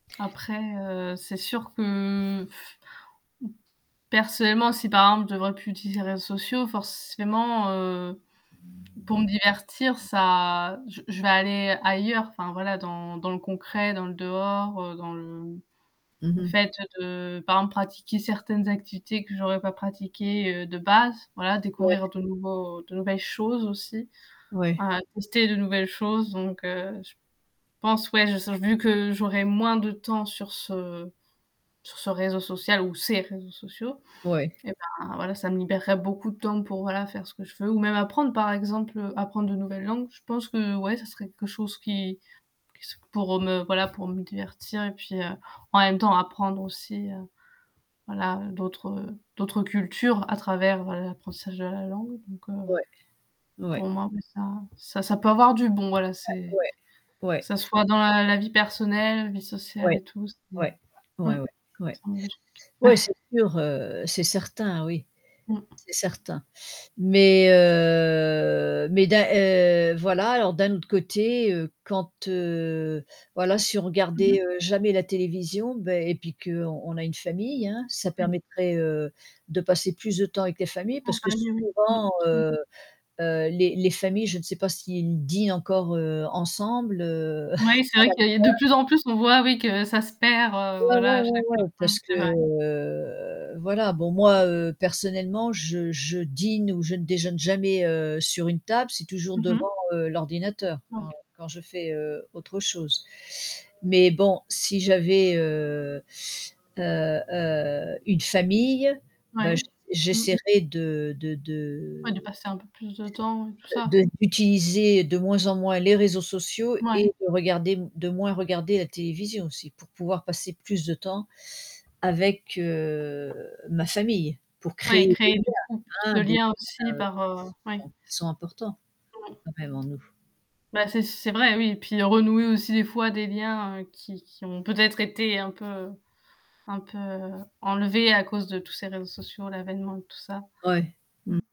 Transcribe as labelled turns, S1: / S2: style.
S1: Après, heu, c'est sûr que, personnellement si par exemple je ne devrais plus utiliser les réseaux sociaux forcément, heu, pour me divertir ça je je vais aller ailleurs. Enfin voilà dans dans le concret, dans le dehors, heu, dans le
S2: Mmh
S1: le
S2: mh.
S1: fait de, par exemple, pratiquer certaines activités que j'aurais pas pratiquées, heu, de base, voilà,
S2: Ouais.
S1: découvrir de nouveaux de nouvelles choses aussi.
S2: Ouais.
S1: Ouais, tester de nouvelles choses. Donc, heu, je pense ouais, [unintelligible] vu que j'aurai moins de temps sur ce sur ce réseau social ou ces réseaux sociaux,
S2: Ouais.
S1: et, bah, voilà ça me libérerait beaucoup de temps pour voilà faire ce que je veux ou même apprendre par exemple. Apprendre de nouvelles langues, je pense que ouais ça serait quelque chose qui qui se pour me voilà pour me divertir et puis, heu, en même temps apprendre aussi, heu, voilà d'autres, heu, d'autres cultures à travers, heu, l'apprentissage de la langue donc, heu,
S2: Ouais ouais.
S1: pour moi, beh, ça ça ça peut avoir du bon. Voilà
S2: Ouais
S1: c'est
S2: ouais.
S1: que
S2: Ouais.
S1: ça soit dans la la vie personnelle, la vie sociale
S2: Ouais.
S1: et tout, c'est
S2: Ouais.
S1: mmh,
S2: ouais, ouais, ouais.
S1: [unintelligible]
S2: Ouais c'est sûr, heu, c'est certain oui,
S1: Mmh.
S2: c'est certain. Mais, heu, mais d'un heu, voilà alors d'un autre côté, heu, quand, heu, voilà, si on
S1: Mmh mh.
S2: regardait, heu, jamais la télévision, bah, et puis qu'on on a une famille, hein, ça
S1: Oui.
S2: permettrait, heu, de passer plus de temps avec les familles
S1: En
S2: parce que
S1: famille, oui, mmh,
S2: souvent,
S1: [unintelligible]
S2: heu, heu, les les familles, je ne sais pas s'ils dînent encore ensemble, heu,.
S1: Oui, c'est vrai que il y a de
S2: [unintelligible]
S1: plus en plus on voit, oui, que ça se perd, heu,
S2: Ouais,
S1: voilà,
S2: ouais,
S1: à
S2: ouais,
S1: chaque
S2: ouais parce
S1: [unintelligible]
S2: que,
S1: c'est vrai.
S2: heu, voilà, bon moi, heu, personnellement je je dîne ou je ne déjeune jamais, heu, sur une table. C'est toujours
S1: Mmh
S2: devant,
S1: mh.
S2: heu, l'ordinateur
S1: OK.
S2: quand quand je fais, heu, autre chose. Mais bon, si j'avais, heu, heu, heu, une famille, bah,
S1: Ouais,
S2: j
S1: mmh.
S2: j'essaierai de de
S1: Ouais, de
S2: de
S1: passer un peu plus de temps et tout ça.
S2: de d'utiliser de moins en moins les réseaux sociaux
S1: Ouais.
S2: et de regarder de moins regarder la télévision aussi pour pouvoir passer plus de temps avec, heu, ma famille, pour
S1: Ouais et
S2: créer des
S1: créer
S2: liens.
S1: du coup plus
S2: Hein,
S1: de
S2: des liens
S1: liens aussi par,
S2: qui
S1: heu oui.
S2: sont qui sont importants
S1: Mmh mh.
S2: quand même en nous.
S1: Bah, c'est c'est vrai oui et puis renouer aussi des fois des liens, heu, qui qui ont peut-être été un peu un peu enlevés à cause de tous ces réseaux sociaux, l'avènement de tout ça.
S2: Ouais,
S1: Mmh.
S2: mmh.